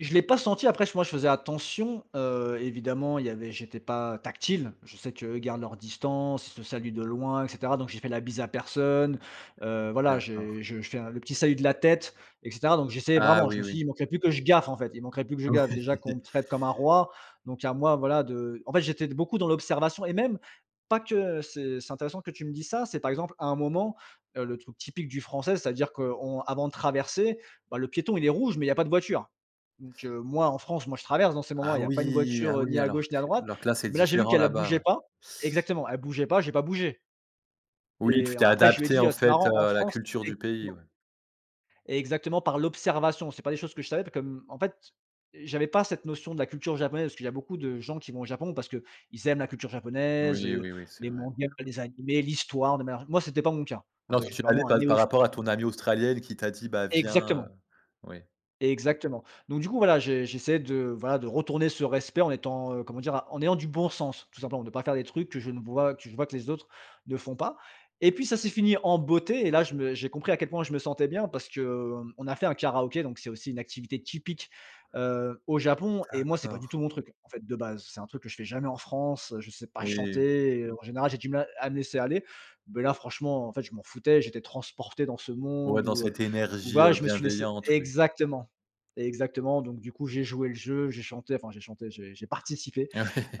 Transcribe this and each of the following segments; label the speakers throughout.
Speaker 1: Je l'ai pas senti. Après, ch moi, je faisais attention, heu, évidemment, il y avait j'étais pas tactile. Je sais que eux gardent leurs distances. Ils se saluent de loin et cetera. Donc, j'ai fait la bise à personne, heu, voilà
Speaker 2: D'accord.
Speaker 1: j'ai je fais le petit salut de la tête, et cetera. Donc, j'essayais
Speaker 2: Ah
Speaker 1: vraiment. Je
Speaker 2: oui,
Speaker 1: me suis dis: «Il
Speaker 2: oui.
Speaker 1: manquerait plus que je gaffe, en fait, il manquerait plus que je
Speaker 2: Oui.
Speaker 1: gaffe.». Déjà qu'on me traite comme un roi, donc, à moi voilà, de en fait, j'étais d beaucoup dans l'observation, et même, pas que ce c'est intéressant que tu me dis ça. C'est, par exemple, à un moment, heu, le truc typique du Français. C'est à dire qu'on avant de traverser, bah le piéton il est rouge mais il y pas de voiture. Donc, heu, moi, en France, moi, je traverse dans ces moments.
Speaker 2: Ah
Speaker 1: Il y a pas une
Speaker 2: oui, ah
Speaker 1: voiture, heu, ni
Speaker 2: oui,
Speaker 1: à
Speaker 2: alors
Speaker 1: gauche, ni à
Speaker 2: que
Speaker 1: droite.
Speaker 2: alors que là, c'est
Speaker 1: Mais là, j'ai vu
Speaker 2: différent
Speaker 1: qu'elle elle
Speaker 2: là-bas.
Speaker 1: bougeait
Speaker 2: Ouais.
Speaker 1: pas. Exactement. Elle bougeait pas. J'ai pas bougé.
Speaker 2: Oui, tu
Speaker 1: Et en
Speaker 2: t'es
Speaker 1: après, je lui ai
Speaker 2: adapté
Speaker 1: dit:
Speaker 2: en
Speaker 1: «Heu, c'est
Speaker 2: fait,
Speaker 1: marrant
Speaker 2: heu,
Speaker 1: en
Speaker 2: à la
Speaker 1: France»
Speaker 2: culture du pays,
Speaker 1: [unintelligible]
Speaker 2: ouais.
Speaker 1: Exactement. Par l'observation. C'est pas des choses que je savais, pas comme en fait, j'avais pas cette notion de la culture japonaise. Parce qu'il y a beaucoup de gens qui vont au Japon, parce qu'ils aiment la culture japonaise,
Speaker 2: Oui,
Speaker 1: heu,
Speaker 2: oui, oui, c'est
Speaker 1: les
Speaker 2: vrai.
Speaker 1: mangas, les animés, l'histoire de manière g moi, c'était pas mon cas. Ah
Speaker 2: Non.
Speaker 1: ben,
Speaker 2: Toi tu
Speaker 1: j'étais
Speaker 2: allais
Speaker 1: vraiment un
Speaker 2: pa par
Speaker 1: néophyte.
Speaker 2: rapport à ton
Speaker 1: [unintelligible]
Speaker 2: amie australienne qui t'a dit: «Bah viens, heu».
Speaker 1: Exactement.
Speaker 2: Oui.
Speaker 1: Exactement. Donc, du coup, voilà je j'essaie de voilà, de retourner ce respect en étant, heu, comment dire, a en ayant du bon sens tout simplement. De pas faire de trucs que je ne vois que je vois que les autres ne font pas. Et puis, ça s'est fini en beauté et là, je me j'ai compris à quel point je me sentais bien, parce que, hem, on a fait un karaoké, donc, c'est aussi une activité typique, heu, au Japon. Et moi, c'est pas du tout
Speaker 2: D'accord.
Speaker 1: mon truc. En fait, de base, c'est un truc que je fais jamais en France. Je sais pas
Speaker 2: Oui.
Speaker 1: chanter et en général, j'ai du mal à me laisser aller. Mais là franchement, en fait, je m'en foutais. J'étais transporté dans ce
Speaker 2: Ouais,
Speaker 1: monde
Speaker 2: dans
Speaker 1: où, heu,
Speaker 2: cette
Speaker 1: où
Speaker 2: énergie,
Speaker 1: voilà,
Speaker 2: heu,
Speaker 1: je me suis laissé
Speaker 2: bienveillante, oui.
Speaker 1: exactement. Exactement, donc du coup, j'ai joué le jeu. J'ai chanté, enfin j'ai chanté, j'ai j'ai participé.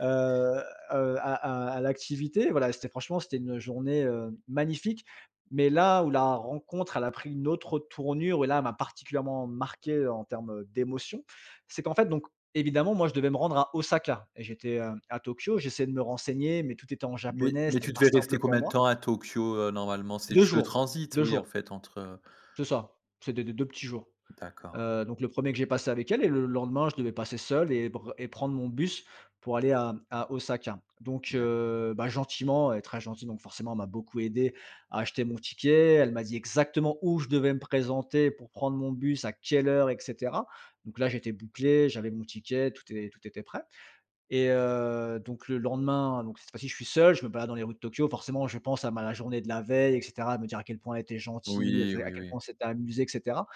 Speaker 1: Heu, heu, à à à l'activité. Voilà, c'était franchement, c'était une journée, heu, magnifique. Mais là où la rencontre elle a pris une autre tournure et là, elle m'a particulièrement marquée en termes d'émotions. C'est qu'en fait, donc, évidemment moi, je devais me rendre à Osaka. Et j'étais, hem, à Tokyo. J'essayais de me renseigner mais tout était en
Speaker 2: Mais
Speaker 1: japonais,
Speaker 2: mais
Speaker 1: c'était
Speaker 2: tu
Speaker 1: pas
Speaker 2: devais
Speaker 1: simple
Speaker 2: rester
Speaker 1: pour
Speaker 2: combien de
Speaker 1: moi.
Speaker 2: temps à Tokyo, heu, normalement? C'est
Speaker 1: 2
Speaker 2: juste le
Speaker 1: jours,
Speaker 2: transit,
Speaker 1: 2
Speaker 2: oui en
Speaker 1: jours.
Speaker 2: fait, entre
Speaker 1: C'est ça. C'est des des 2 petits jours.
Speaker 2: D'accord.
Speaker 1: Heu, donc, le 1er que j'ai passé avec elle et le lendemain, je devais passer seul et br et prendre mon bus pour aller à à Osaka. Donc,
Speaker 2: D'accord.
Speaker 1: heu, ben gentiment. Elle est très gentille donc, forcément, elle m'a beaucoup aidé, à acheter mon ticket, elle m'a dit exactement où je devais me présenter pour prendre mon bus, à quelle heure, et cetera. Donc là, j'étais bouclé. J'avais mon ticket. Tout est tout était prêt. Et, heu, donc le lendemain, donc, cette fois-ci, je suis seul. Je me balade dans les routes de Tokyo. Forcément, je pense à ma journée de la veille, et cetera, de me dire à quel point elle était gentille, et tu
Speaker 2: Oui,
Speaker 1: sais, à
Speaker 2: oui,
Speaker 1: quel point
Speaker 2: oui.
Speaker 1: on s'était amusés, et cetera.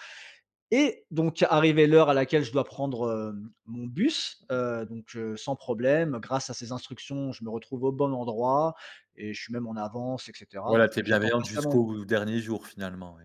Speaker 1: Et, donc, arrivée l'heure à laquelle je dois prendre, hem, mon bus. Heu, donc, heu, sans problème. Grâce à ces instructions, je me retrouve au bon endroit et je suis même en avance et cetera.
Speaker 2: Ouais. Elle a
Speaker 1: Donc,
Speaker 2: été
Speaker 1: heu, j'attends
Speaker 2: bienveillante
Speaker 1: patiemment mon
Speaker 2: jusqu'au dernier jour finalement, oui.